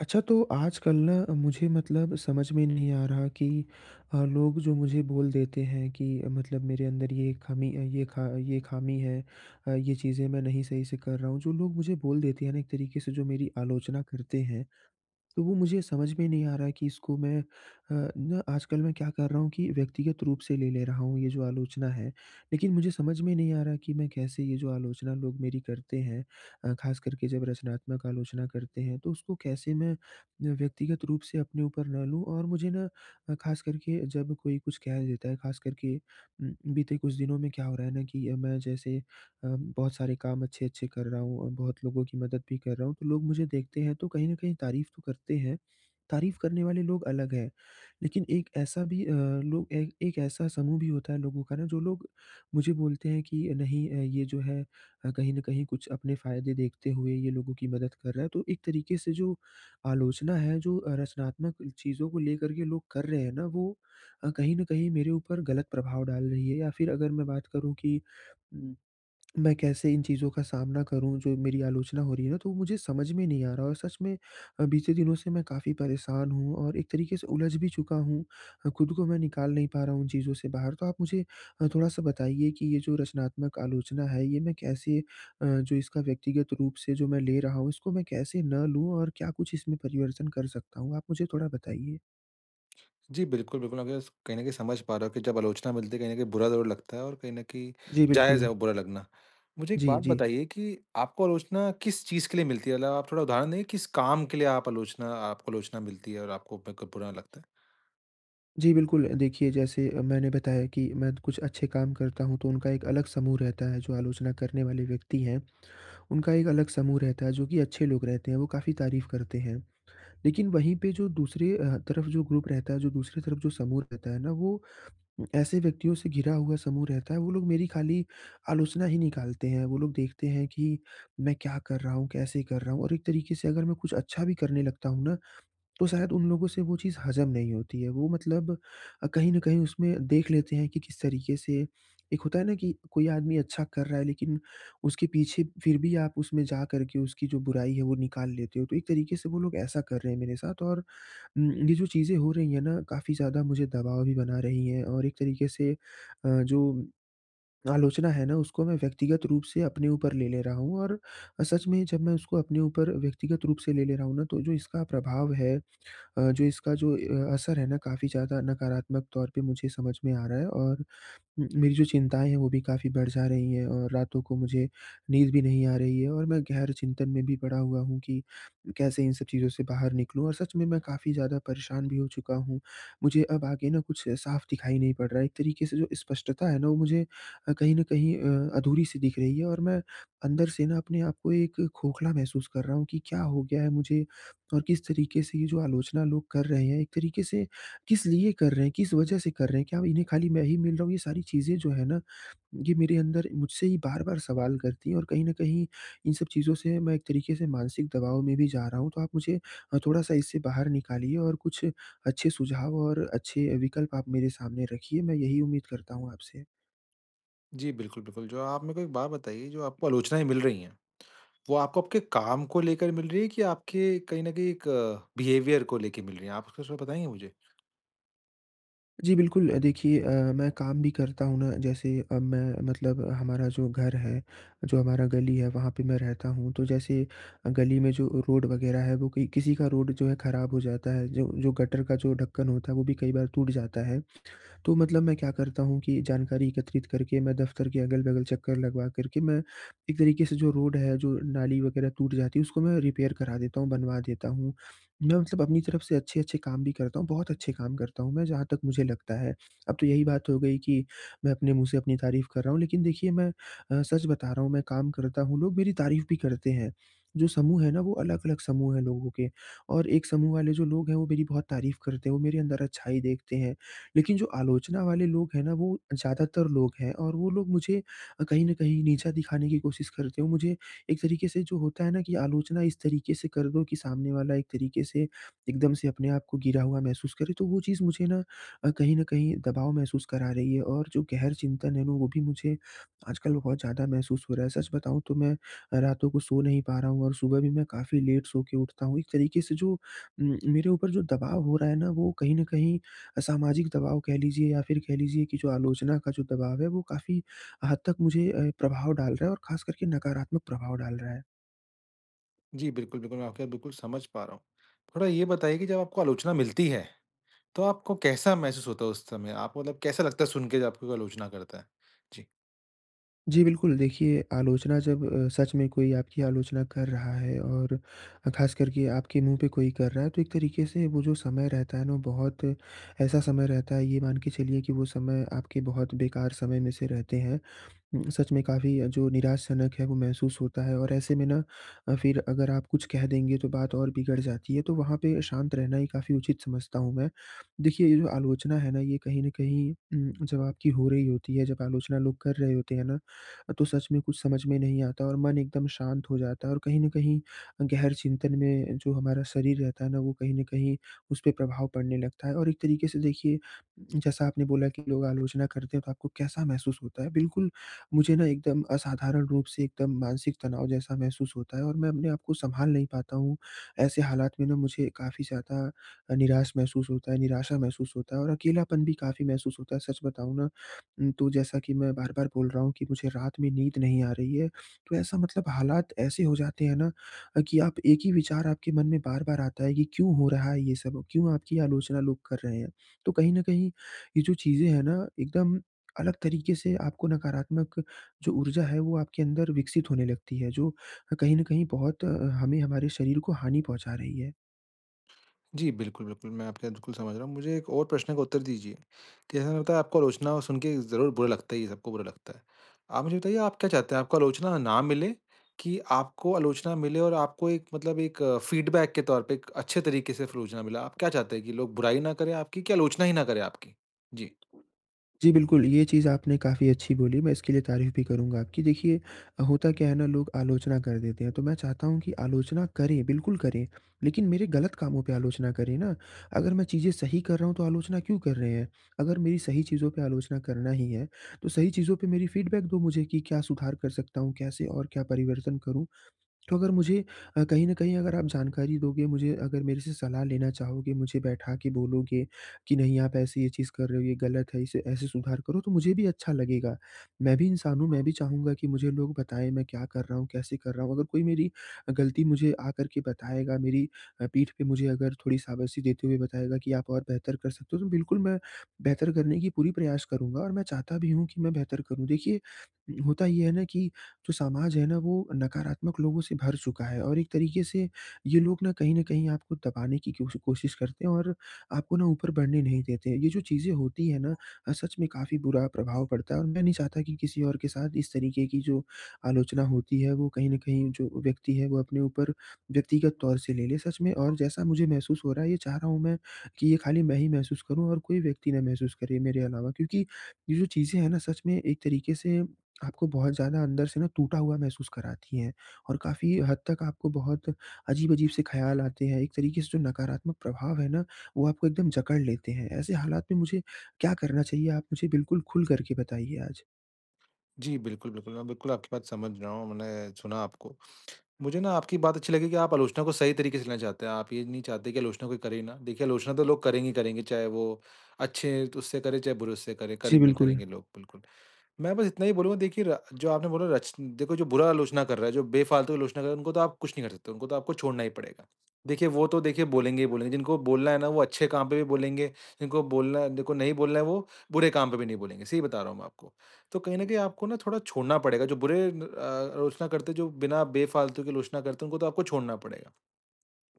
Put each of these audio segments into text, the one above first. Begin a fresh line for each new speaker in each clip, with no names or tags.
अच्छा तो आजकल ना मुझे मतलब समझ में नहीं आ रहा कि अ, लोग जो मुझे बोल देते हैं कि मतलब मेरे अंदर ये ख़ामी ये ख़ा ख़ामी है ये, चीज़ें मैं नहीं सही से कर रहा हूँ जो लोग मुझे बोल देते हैं ना एक तरीके से जो मेरी आलोचना करते हैं तो वो मुझे समझ में नहीं आ रहा है कि इसको मैं अ, आजकल मैं क्या कर रहा हूँ कि व्यक्तिगत रूप से ले ले रहा हूँ ये जो आलोचना है। लेकिन मुझे समझ में नहीं आ रहा कि मैं कैसे ये जो आलोचना लोग मेरी करते हैं अ, ख़ास कर के जब रचनात्मक आलोचना करते हैं तो उसको कैसे मैं अ, व्यक्तिगत रूप से अपने ऊपर ना लूँ और मुझे ना अ, ख़ास कर के जब कोई कुछ कह देता है ख़ास कर के उम, बीते कुछ दिनों में क्या हो रहा है ना कि मैं जैसे अ, बहुत सारे काम अच्छे-अच्छे कर रहा हूँ और बहुत लोगों की मदद भी कर रहा हूँ। तो लोग मुझे देखते हैं, तो कहीं न कहीं तारीफ़ तो करते हैं। तारीफ़ करने वाले लोग अलग हैं। लेकिन एक ऐसा भी अ, लोग एक एक ऐसा समूह भी होता है लोगों का ना जो लोग मुझे बोलते हैं कि नहीं ये जो है अ, कहीं न कहीं कुछ अपने फ़ायदे देखते हुए ये लोगों की मदद कर रहा है। तो एक तरीके से जो आलोचना है जो अ, रचनात्मक चीज़ों को लेकर के लोग कर रहे हैं ना वो अ, कहीं न कहीं मेरे ऊपर ग़लत प्रभाव डाल रही हैं। या फ़िर अगर मैं बात करूँ कि, उ मैं कैसे इन चीज़ों का सामना करूँ जो मेरी आलोचना हो रही है ना तो वो मुझे समझ में नहीं आ रहा और सच में अ, बीते दिनों से मैं काफ़ी परेशान हूँ और एक तरीके से उलझ भी चुका हूँ अ, ख़ुद को मैं निकाल नहीं पा रहा हूँ उन चीज़ों से बाहर। तो आप मुझे अ, थोड़ा-सा बताइए कि ये जो रचनात्मक आलोचना है। ये मैं कैसे अ, जो इसका व्यक्तिगत रूप से जो मैं ले रहा हूँ इसको मैं कैसे ना लूँ और क्या कुछ इसमें परिवर्तन कर सकता हूँ? आप मुझे थोड़ा बताइए।
जी, बिल्कुल, बिल्कुल। अपने जस कहीं न कहीं समझ पा रहा हूँ कि जब आलोचना मिलती है, कहीं न कहीं बुरा ज़रूर लगता है और कहीं न कहीं
जी,
जायज़ है
बिल्कुल।
वो बुरा लगना। मुझे एक
जी,
बात
जी।
बताइए कि आपको आलोचना किस चीज़ के लिए मिलती है? मतलब आप थोड़ा उदाहरण देंगे, किस काम के लिए आप आलोचना आप आलोचना मिलती है? और आपको ब कब बुरा लगता है?
जी, बिल्कुल। अ, देखिए जैसे अ, मैंने बताया कि मैं कुछ अच्छे काम करता हूँ तो उनका एक अलग समूह रहता है। जो आलोचना करने वाले व्यक्ति हैं उनका एक अलग समूह रहता है, जो कि अच्छे लोग रहते हैं वो काफ़ी तारीफ़ करते हैं। लेकिन वहीं पे जो दूसरे अ, तरफ़ जो ग्रुप रहता है, जो दूसरी तरफ़ जो समूह रहता है ना वो ऐसे व्यक्तियों से घिरा हुआ समूह रहता है वो लोग मेरी खाली आलोचना ही निकालते हैं। वो लोग देखते हैं कि मैं क्या कर रहा हूँ? कैसे कर रहा हूँ? और एक तरीके से अगर मैं कुछ अच्छा भी करने लगता हूँ ना, तो शायद उन लोगों से वो चीज़ हजम नहीं होती है। वो मतलब अ, कहीं न कहीं उसमें देख लेते हैं कि किस तरीके से एक होता है ना कि कोई आदमी अच्छा कर रहा है लेकिन उसके पीछे फिर भी आप उसमें जा करके उसकी जो बुराई है वो निकाल लेते हो। तो एक तरीके से वो लोग ऐसा कर रहे हैं मेरे साथ। और उम, ये जो चीज़े हो रही हैं ना काफ़ी ज़्यादा मुझे दबाव भी बना रही हैं। और एक तरीके से अ, जो आलोचना है ना उसको मैं व्यक्तिगत रूप से अपने ऊपर ले ले रहा हूँ। और सच में जब मैं उसको अपने ऊपर व्यक्तिगत रूप से ले ले रहा हूँ ना तो जो इसका प्रभाव है अ, जो इसका जो अ, असर है ना काफ़ी ज़्यादा नकारात्मक तौर पे मुझे समझ में आ रहा है। और मेरी जो चिंताएँ हैं वो भी काफ़ी बढ़ जा रही हैं और रातों को मुझे नींद भी नहीं आ रही है और मैं गहन चिंतन में भी पड़ा हुआ हूँ कि कैसे इन सब चीज़ों से बाहर निकलूँ। और सच में मैं काफ़ी ज़्यादा परेशान भी हो चुका हूँ। मुझे अब आगे ना कुछ साफ़ दिखाई नहीं पड़ रहा है। एक तरीके से जो स्पष्टता है ना वो मुझे अ, कहीं न कहीं अ, अधूरी-सी दिख रही है और मैं अंदर से ना अपने आप को एक खोखला महसूस कर रहा हूँ। कि क्या हो गया है मुझे और किस तरीके से ये जो आलोचना लोग कर रहे हैं एक तरीके से किस लिए कर रहे हैं? किस वजह से कर रहे हैं? क्या इन्हें खाली मैं ही मिल रहा हूँ? ये सारी चीज़ें जो हैं ना ये मेरे अंदर मुझसे ही बार-बार सवाल करती हैं। और कहीं न कहीं इन सब चीज़ों से मैं एक तरीके से मानसिक दबाव में भी जा रहा हूँ। तो आप मुझे अ, थोड़ा-सा इससे बाहर निकालिए और कुछ अच्छे सुझाव और अच्छे विकल्प आप मेरे सामने रखिए। मैं यही उम्मीद करता हूँ आपसे।
जी बिल्कुल, बिल्कुल। जो आप मेरे को एक बात बताइए, जो आपको आलोचनाएँ मिल रही हैं वो आपको आपके काम को लेकर मिल रही हैं कि आपके कहीं न कहीं एक बिहेवियर को लेके मिल रही हैं? आप उसको कुछ बताएँगे मुझे?
जी बिल्कुल। अ, देखिए, अ, मैं काम भी करता हूँ ना, जैसे अब मैं मतलब हमारा जो घर है जो हमारा गली है वहाँ पे मैं रहता हूँ। तो जैसे गली में जो रोड वग़ैरह है वो कई किसी का रोड जो है ख़राब हो जाता है जो जो गटर का जो ढक्कन होता है वो भी कई बार टूट जाता है। तो मतलब मैं क्या करता हूँ कि जानकारी एकत्रित करके मैं दफ़्तर के अगल-बगल चक्कर लगवा कर के मैं एक तरीके से जो रोड है जो नाली वग़ैरह टूट जाती है उसको मैं रिपेयर करा देता हूँ बनवा देता हूँ। मैं मतलब अपनी तरफ़ से अच्छे-अच्छे काम भी करता हूँ बहुत अच्छे काम करता हूँ मैं जहाँ तक मुझे लगता है। अब तो यही बात हो गई कि मैं अपने मुँह से अपनी तारीफ़ कर रहा हूँ। लेकिन देखिए मैं अ, सच बता रहा हूँ मैं काम करता हूँ लोग मेरी तारीफ़ भी करते हैं। जो समूह है ना, वो अलग-अलग समूह है लोगों के। और एक समूह वाले जो लोग हैं वो मेरी बहुत तारीफ़ करते हैं वो मेरे अंदर अच्छाई देखते हैं। लेकिन जो आलोचना वाले लोग हैं ना, वो ज़्यादातर लोग हैं और वो लोग मुझे कहीं न कहीं नीचा दिखाने की कोशिश करते हैं। मुझे एक तरीके से जो होता है ना, कि आलोचना इस तरीके से कर दो कि सामने वाला एक तरीके से एकदम से अपने आप को गिरा हुआ महसूस करे तो वो चीज़ मुझे ना कहीं न कहीं दबाव महसूस करा रही है। और जो गहर चिंतन है ना, वो भी मुझे आजकल बहुत ज़्यादा महसूस हो रहा है। सच बताऊँ तो मैं अ, रातों को सो नहीं पा रहा हूँ और सुबह भी मैं काफ़ी लेट सो के उठता हूँ। एक तरीके से जो उम, मेरे ऊपर जो दबाव हो रहा है ना, वो कहीं न कहीं अ, सामाजिक दबाव कह लीजिए या फ़िर कह लीजिए कि जो आलोचना का जो दबाव है वो काफ़ी हद तक मुझे ए, प्रभाव डाल रहा है और ख़ासकर के नकारात्मक प्रभाव डाल रहा है।
जी। बिल्कुल, बिल्कुल मैं आपकी बात बिल्कुल समझ पा रहा हूँ। थोड़ा ये बताइए कि जब आपको आलोचना मिलती है, तो आपको कैसा महसूस होता है उस समय आपको मतलब कैसा लगता है सुनके जब आपको आलोचना करता है? जी।
जी, बिल्कुल देखिए, आलोचना जब अ, सच में कोई आपकी आलोचना कर रहा है और ख़ासकर के आपके मुँह पे कोई कर रहा है तो एक तरीके से वो जो समय रहता है ना वो बहुत ऐसा समय रहता है ये मान के चलिए कि वो समय आपके बहुत बेकार समय में से रहते हैं। सच में काफ़ी जो निराश जनक है वो महसूस होता है और ऐसे में ना अ, फिर अगर आप कुछ कह देंगे तो बात और बिगड़ जाती है, तो वहाँ पे शांत रहना ही काफ़ी उचित समझता हूँ मैं। देखिए ये जो आलोचना है ना ये कहीं न कहीं उम, जब आपकी हो रही होती है जब आलोचना लोग कर रहे होते हैं ना, तो सच में कुछ समझ में नहीं आता और मन एकदम शांत हो जाता है और कहीं न कहीं गहर चिंतन में जो हमारा शरीर रहता है ना वो कहीं न कहीं उसपे प्रभाव पड़ने लगता है और एक तरीके से देखिए जैसा आपने बोला कि लोग आलोचना करते हैं तो आपको कैसा महसूस होता है। बिल्कुल मुझे ना एकदम असाधारण रूप से एकदम मानसिक तनाव जैसा महसूस होता है और मैं अपने आप को सँभाल नहीं पाता हूँ ऐसे हालात में ना मुझे काफ़ी ज़्यादा निराश महसूस होता है, निराशा महसूस होता है और अकेलापन भी काफ़ी महसूस होता है। सच बताऊँ ना उम, तो जैसा कि मैं बार-बार बोल रहा हूँ कि मुझे रात में नींद नहीं आ रही है तो ऐसा मतलब हालात ऐसे हो जाते हैं ना कि आप एक ही विचार आपके मन में बार-बार आता है कि क्यों हो रहा है ये सब? क्यों आपकी आलोचना लोग कर रहे हैं, तो कहीं न कहीं ये जो चीज़ें हैं ना एकदम अलग तरीके से आपको नकारात्मक जो ऊर्जा है वो आपके अंदर विकसित होने लगती है जो कहीं न कहीं बहुत अ, हमें हमारे शरीर को हानि पहुँचा रही है।
जी, बिल्कुल, बिल्कुल। मैं आपकी बात बिल्कुल समझ रहा हूँ। मुझे एक और प्रश्न का उत्तर दीजिए, की जैसा आपको आलोचना सुनके ज़रूर बुरा लगता ही है, सबको बुरा लगता है। आप मुझे बताइए आप क्या चाहते हैं, आपको आलोचना ना मिले? कि आपको आलोचना मिले और आपको एक मतलब एक फीडबैक के तौर पे, एक अच्छे तरीक़े से आलोचना मिले? आप क्या चाहते हैं कि लोग बुराई ना करें आपकी, कि आलोचना ही ना करें आपकी? जी।
जी, बिल्कुल। ये चीज़ आपने काफ़ी अच्छी बोली, मैं इसके लिए तारीफ़ भी करूँगा आपकी। देखिए होता क्या है ना लोग आलोचना कर देते हैं, तो मैं चाहता हूँ कि आलोचना करें, बिल्कुल करें, लेकिन मेरे ग़लत कामों पे आलोचना करे ना! अगर मैं चीज़ें सही कर रहा हूँ तो आलोचना क्यों कर रहे हैं? अगर मेरी सही चीज़ों पे आलोचना करना ही है तो सही चीज़ों पे मेरी फीडबैक दो मुझे कि क्या सुधार कर सकता हूँ, कैसे और क्या परिवर्तन करूँ। तो अगर मुझे अ, कहीं न कहीं, अगर आप जानकारी दोगे मुझे, अगर मेरे से सलाह लेना चाहोगे, मुझे बैठा के बोलोगे, कि नहीं आप ऐसे ये चीज़ कर रहे हो ये ग़लत है इसे ऐसे सुधार करो तो मुझे भी अच्छा लगेगा। मैं भी इंसान हूँ, मैं भी चाहूँगा कि मुझे लोग बताएँ मैं क्या कर रहा हूँ, कैसे कर रहा हूँ। अगर कोई मेरी ग़लती मुझे आकर के बताएगा, मेरी अ, पीठ पे मुझे अगर थोड़ी शाबाशी देते हुए बताएगा कि आप और बेहतर कर सकते हो तो बिल्कुल मैं, बेहतर करने की पूरी प्रयास करूँगा और मैं चाहता भी हूँ कि मैं बेहतर करूँ। देखिए होता ये है ना कि जो समाज है ना वो नकारात्मक लोगों से भर चुका है और एक तरीक़े से ये लोग ना कहीं न कहीं आपको दबाने की क्यो कोशिश करते हैं और आपको ना ऊपर बढ़ने नहीं देते। ये जो चीज़ें होती हैं ना अ, सच में काफ़ी बुरा प्रभाव पड़ता है। और मैं नहीं चाहता कि किसी और के साथ इस तरीक़े की जो आलोचना होती है वो कहीं न कहीं जो व्यक्ति है वो अपने ऊपर व्यक्तिगत तौर से ले, ले। सच में और जैसा मुझे महसूस हो रहा है ये चाह रहा हूँ मैं कि ये खाली मैं ही महसूस करूँ और कोई व्यक्ति ना महसूस करे मेरे अलावा। क्योंकि ये जो चीज़ें हैं ना सच में एक तरीक़े से आपको बहुत ज़्यादा अंदर से ना टूटा हुआ महसूस कराती हैं। और काफ़ी हद तक आपको बहुत अजीब-अजीब से ख़्याल आते हैं। एक तरीक़े से जो नकारात्मक प्रभाव है ना, वो आपको एकदम जकड़ लेते हैं। ऐसे हालात में मुझे क्या करना चाहिए? आप मुझे बिल्कुल खुल कर के बताइए आज।
जी, बिल्कुल, बिल्कुल। मैं बिल्कुल आपकी बात समझ रहा हूँ। मैंने सुना आपको। मुझे ना आपकी बात अच्छी लगी कि, आप आलोचना को सही तरीके से लेना चाहते हैं। आप ये नहीं चाहते कि आलोचना कोई करे ना। देखिए आलोचना तो लोग करेंगे ही करेंगे, चाहे वो अच्छे उससे करे, चाहे बुरे उससे करे।
जी, बिल्कुल।
करेंगे-करेंगे लोग, बिल्कुल। मैं बस इतना ही बोलूँगा देखिए रा जो आपने बोला रच देखो जो बुरा आलोचना कर रहा है, जो बेफालतू आलोचना कर रहे है उनको तो आप कुछ नहीं कर सकते। उनको तो आपको छोड़ना ही पड़ेगा। देखिए वो तो देखिए बोलेंगे ही बोलेंगे। जिनको बोलना है ना वो अच्छे काम पे भी बोलेंगे, जिनको बोलना जिनको नहीं बोलना है वो बुरे काम पे भी नहीं बोलेंगे। सही बता रहा हूँ मैं आपको। तो कहीं न कहीं आपको ना थोड़ा छोड़ना पड़ेगा, जो बुरे अ अ, आलोचना करते हैं, जो बिना बेफालतू के आलोचना करते हैं उनको तो आपको छोड़ना पड़ेगा।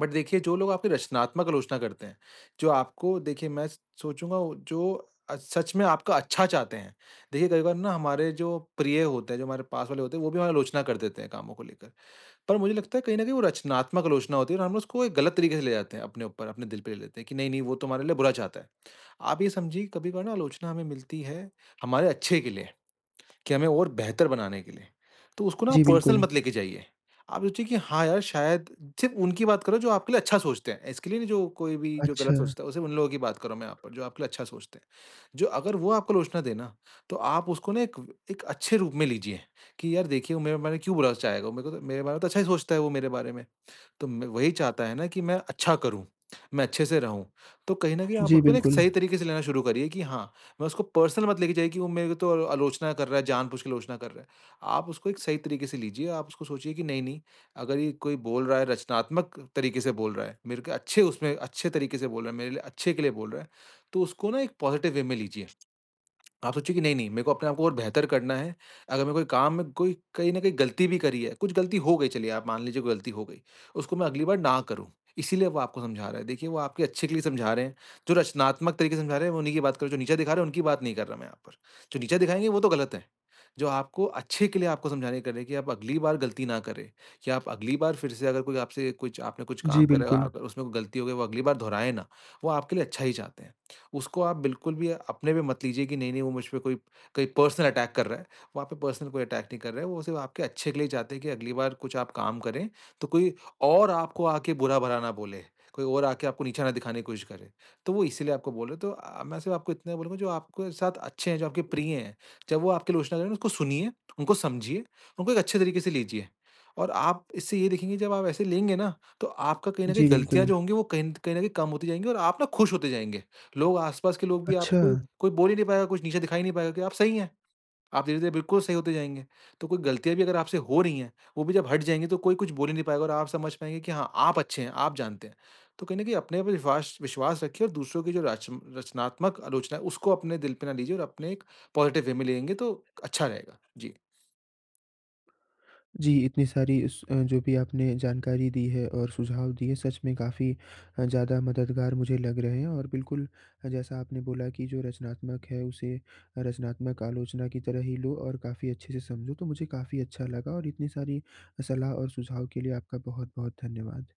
बट देखिए जो लोग आपकी रचनात्मक आलोचना करते हैं, जो आपको देखिए मैं स सोचूँगा जो सच में आपका अच्छा चाहते हैं। देखिए कई बार ना हमारे जो प्रिय होते हैं, जो हमारे पास वाले होते हैं वो भी हमारी आलोचना कर देते हैं कामों को लेकर। पर मुझे लगता है कहीं न कहीं वो रचनात्मक आलोचना होती है। और हम ना उसको एक गलत तरीके से ले जाते हैं अपने ऊपर अपने दिल पे ले लेते हैं कि नहीं, नहीं वो तो हमारे लिए बुरा चाहता है। आप ये समझिए कभी-कभार आलोचना हमें मिलती है, हमारे अच्छे के लिए कि हमें और बेहतर बनाने के लिए, तो उसको ना आप
जी,
पर्सनल
बिल्कुल।
मत लेके जाइए। आप सोचिए कि हाँ, यार शायद सिर्फ उनकी बात कर रहा हूँ जो आपके लिए अच्छा सोचते हैं, इसके लिए नहीं जो कोई भी जो गलत
अच्छा।
सोचता है, वो सिर्फ उन लोगों की बात कर रहा हूँ मैं यहाँ पर जो आपके लिए अच्छा सोचते हैं। जो अगर वो आपको आलोचना दे ना, तो आप उसको ना एक व एक अच्छे रूप में लीजिए कि यार देखिए मेरा मेरा क्यों बुरा चाहेगा वो? मेरे को तो मेरे बारे में तो अच्छा ही सोचता है वो मेरे बारे में। तो म वही चाहता है ना कि मैं अच्छा करूँ, मैं अच्छे से रहूँ। तो कहीं न कहीं आप
जी,
उसको एक
बिल्कुल।
सही तरीके से लेना शुरू करिए कि हाँ, मैं उसको पर्सनल मत लेके जाइए कि वो मेरे को तो अ, आलोचना कर रहा है जानबूझ के आलोचना कर रहा है। आप उसको एक सही तरीके से लीजिए, आप उसको सोचिए कि नहीं-नहीं अगर ये कोई बोल रहा है रचनात्मक तरीके से बोल रहा है, मेरे क अच्छे उसमें अच्छे तरीके से बोल रहा है, मेरे लिए अच्छे के लिए बोल रहा है। तो उसको ना एक पॉजिटिव वे में लीजिए। आप सोचिए कि नहीं-नहीं मेरे को अपने को और बेहतर करना है। अगर मेरे कोई काम में कोई कहीं न कहीं गलती भी करी है, कुछ गलती हो गई चलिए आप मान लीजिए कोई गलती हो गई, उसको मैं अगली बार ना करूँ, इसीलिए वो आपको समझा रहा है। देखिए वो आपके अच्छे के लिए समझा रहे हैं, जो रचनात्मक तरीके से समझा रहे हैं में उन्ही की बात कर रहा हूँ, जो नीचा दिखा रहे हैं उनकी बात नहीं कर रहा मैं यहाँ पर। जो नीचा दिखाएँगे वो तो गलत है। जो आपको अच्छे के लिए आपको समझाने कि कर रहे हैं कि आप अगली बार गलती ना करें, कि आप अगली बार फिर से अगर कोई आपसे कुछ आपने कुछ
जी,
काम करा है और
बिल्कुल।
आ उसमें कोई गलती हो गई वो अगली बार दोहराए ना, वो आपके लिए अच्छा ही चाहते हैं। उसको आप बिल्कुल भी अपने पे मत लीजिए कि नहीं-नहीं वो मुझपे कोई कहीं पर्सनल अटैक कर रहा है। वो आप पे पर्सनल कोई अटैक नहीं कर रहा है, वो सिर्फ आपके अच्छे के लिए चाहते हैं कि अगली बार कुछ आप काम करें, तो कोई और आपको आके बुरा-भला ना बोले। कोई और आके आपको नीचे ना दिखाने की कोशिश करे। तो वो इसीलिए आपको बोल रहे हैं तो अ, मैं सिर्फ आपको इतना बोलूँगा जो आपके साथ अच्छे हैं, जो आपके प्रिय हैं, जब वो आपकी आलोचना करे ना उसको सुनिए, उनको समझिए, उनको एक अच्छे तरीके से लीजिए। और आप इससे ये देखेंगे जब आप ऐसे लेंगे ना, तो आपका कहीं न कहीं
जी,
गलतियाँ
बिल्कुल।
जो होंगी वो कहीं न कहीं कम होती जाएँगी और आप ना खुश होते जाएँगे। लोग आस-पास के लोग भी आपको कोई
अच्छा।
कोई बोल ही नहीं पाएगा कुछ नीचे दिखा ही नहीं पाएगा कि आप सही हैं। आप धीरे-धीरे बिल्कुल सही होते जाएँगे। तो कोई गलतियाँ भी अगर आपसे हो रही हैं, वो भी जब हट जाएँगे तो कोई कुछ बोल ही नहीं पाएगा और आप समझ पाएँगे कि हाँ, आप अच्छे हैं, आप जानते हैं। तो कहीं न कहीं अपने पे विश्वास विश्वास रखिए और दूसरों की जो राच रचनात्मक आलोचना है, उसको अपने दिल पे ना लीजिए और अपने एक पॉजिटिव वे में लेंगे तो अच्छा रहेगा। जी।
जी इतनी सारी स जो भी आपने जानकारी दी है और सुझाव दिए सच में काफ़ी ज़्यादा मददगार मुझे लग रहे हैं। और बिल्कुल जैसा आपने बोला कि जो रचनात्मक है उसे रचनात्मक आलोचना की तरह ही लो और काफ़ी अच्छे से समझो तो मुझे काफ़ी अच्छा लगा। और इतनी सारी सलाह और सुझाव के लिए आपका बहुत-बहुत धन्यवाद।